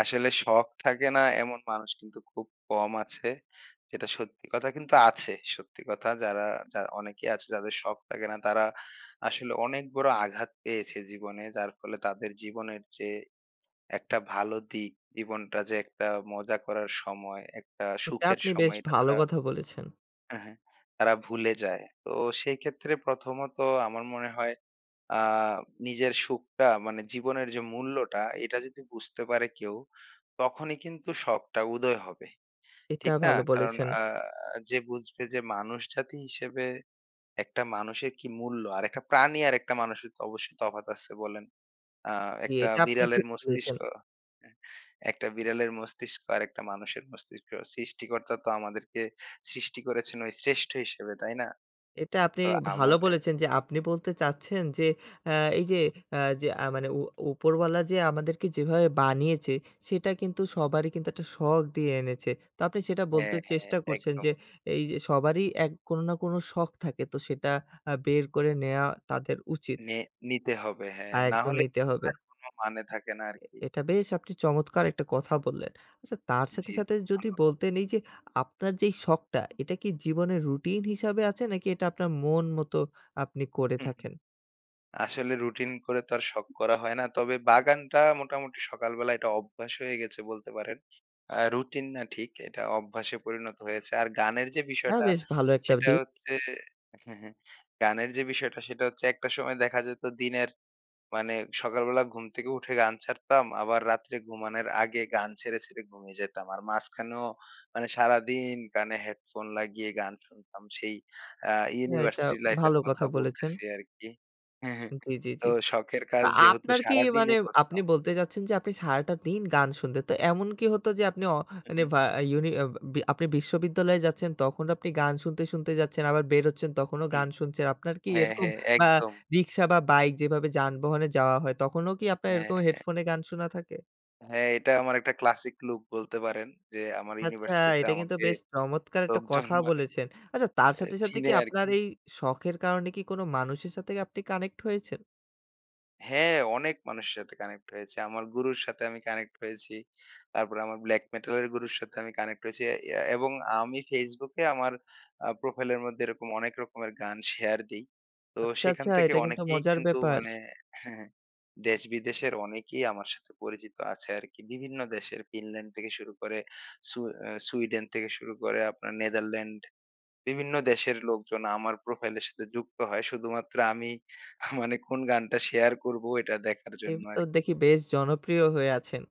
আসলে শখ থাকে না এমন মানুষ কিন্তু খুব কম আছে। যেটা সত্যি কথা কিন্তু আছে। সত্যি কথা যারা অনেকে আছে যাদের শখ থাকে না তারা আসলে অনেক বড় আঘাত পেয়েছে জীবনে। যার ফলে তাদের জীবনের চেয়ে একটা ভালো দিক জীবনটা যে, একটা মজা করার সময়, একটা এটা সুখের আপনি বেশ সময় এটা ভালো তারা। কথা বলেছেন। হ্যা, হ্যা, তারা ভুলে যায়। তো সেক্ষেত্রে প্রথমত আমার মনে হয় আ নিজের সুখটা মানে জীবনের যে, মূল্যটা এটা যদি বুঝতে পারে কেউ, তখনই কিন্তু শখটা উদয় হবে। এটা ঠিক না? ভালো কারণ বলেছেন। আ যে, বুঝবে যে, মানুষ জাতি হিসেবে একটা মানুষের কি মূল্য আর একটা প্রাণী আরেকটা মানুষের অবশ্যই তফাত আছে বলেন। আ একটা এটা আপনি বিড়ালের ঠিক বলেছেন। মস্তিষ্ক। একটা বিড়ালের মস্তিষ্ক, আরেকটা মানুষের মস্তিষ্ক। সৃষ্টিকর্তা তো আমাদেরকে সৃষ্টি করেছেন ওই শ্রেষ্ঠ হিসেবে। তাই না? এটা আপনি তো ভালো আমাদের বলেছেন যে, আপনি বলতে চাচ্ছেন যে, আ এই আ যে, মানে উপরওয়ালা যে, আমাদেরকে যেভাবে বানিয়েছে, সেটা কিন্তু সবারই কিন্তু একটা শখ দিয়ে এনেছে। তা আপনি সেটা হ্যা, বলতে হ্যা, চেষ্টা করছেন একদম। যে, এই যে, সবারই এক কোনো না কোনো শখ থাকে তো সেটা আ বের করে নেওয়া তাদের উচিত। নি, নিতে হবে হ্যা। আ, না একদম হলে নিতে হবে। ওর কোনো মানে থাকে না আর কি। এটা বেশ আপনি চমৎকার একটা কথা বললেন। আচ্ছা, তার জি, সাথে, জি, সাথে যদি ধন্যবাদ। বলতে নেই যে, আপনার যে, শখটা, এটা কি জীবনে রুটিন হিসাবে আছে নাকি এটা আপনার মন মতো আপনি করে হুম, থাকেন। আসলে রুটিন করে তো আর শখ করা হয় না। তবে বাগানটা মোটামুটি সকালবেলা এটা অভ্যাস হয়ে গেছে বলতে পারেন। আ রুটিন না ঠিক। এটা অভ্যাসে পরিণত হয়েছে। আর গানের যে, হ্যা, বিষয়টা বেশ ভালো একটার সেটা দিক। হচ্ছে হ্যা, হ্যা, গানের যে, বিষয়টা সেটা হচ্ছে একটা সময় দেখা যেত দিনের মানে সকালবেলা ঘুম থেকে উঠে গান ছাড়তাম। আবার রাত্রে ঘুমানোর আগে গান ছেড়ে, ছেড়ে ঘুমিয়ে যেতাম। আর মাঝখানেও মানে সারাদিন কানে হেডফোন লাগিয়ে গান শুনতাম। সেই আ হ্যা, এটা ইউনিভার্সিটি লাইফ এর ভালো কথা কথা বলেছেন। বলতেছি আরকি। হ্যা, হ্যা, জি, জি, তো জি। শখের তা, কাজ যেহেতু আপনার কি মানে সারাদিনই আপনি করতাম। বলতে চাচ্ছেন যে, আপনি সারাটা দিন গান শুনতে। তো এমন কি হতো যে, আপনি অ ইউনি আ আপনি বিশ্ববিদ্যালয়ে যাচ্ছেন, তখন আপনি গান শুনতে, শুনতে যাচ্ছেন, আবার বেরোচ্ছেন তখনও হু, গান শুনছেন। আপনার কি হ্যা, এরকম হ্যা আ একদম। রিক্সা বা বাইক যেভাবে যানবাহনে যাওয়া হয়, তখনও কি আপনার হ্যা, এরকম হ্যা। হেডফোনে গান শোনা থাকে? হ্যা, এটা আমার একটা ক্লাসিক লুক বলতে পারেন যে, আমার আচ্ছা, ইউনিভার্সিটি তে এটা কিন্তু আমাকে বেশ চমতকার একটা লোকজন কথা মানে। বলেছেন, আচ্ছা, তার সাথে, সাথে কি চীনে আপনার আরকি। এই শখের কারনে কি কোনো মানুষের সাথে আপনি কানেক্ট হয়েছেন? হ্যা, অনেক মানুষের সাথে কানেক্ট হয়েছি। আমার গুরুর সাথে আমি কানেক্ট হয়েছি। তারপরে আমার ব্ল্যাক মেটালের গুরুর সাথে আমি কানেক্ট হয়েছি। এবং আমি ফেসবুকে আমার প্রোফাইলের মধ্যে এরকম অনেক রকমের গান শেয়ার দেই। তো আচ্ছা, সেখান আচ্ছা থেকে এটা কিন্তু অনেকেই মজার কিন্তু ব্যাপার। মানে হ্যা, হ্যা, দেশ-বিদেশের অনেকেই আমার সাথে পরিচিত আছে আরকি। বিভিন্ন দেশের ফিনল্যান্ড থেকে শুরু করে, সু অ্যা সুইডেন থেকে শুরু করে আপনার নেদারল্যান্ড বিভিন্ন দেশের লোকজন আমার প্রোফাইল এর সাথে যুক্ত হয়। শুধুমাত্র আমি মানে কোন গানটা শেয়ার করবো এটা দেখার এ জন্য তো আরকি। দেখি বেশ জনপ্রিয় হয়ে আছেন।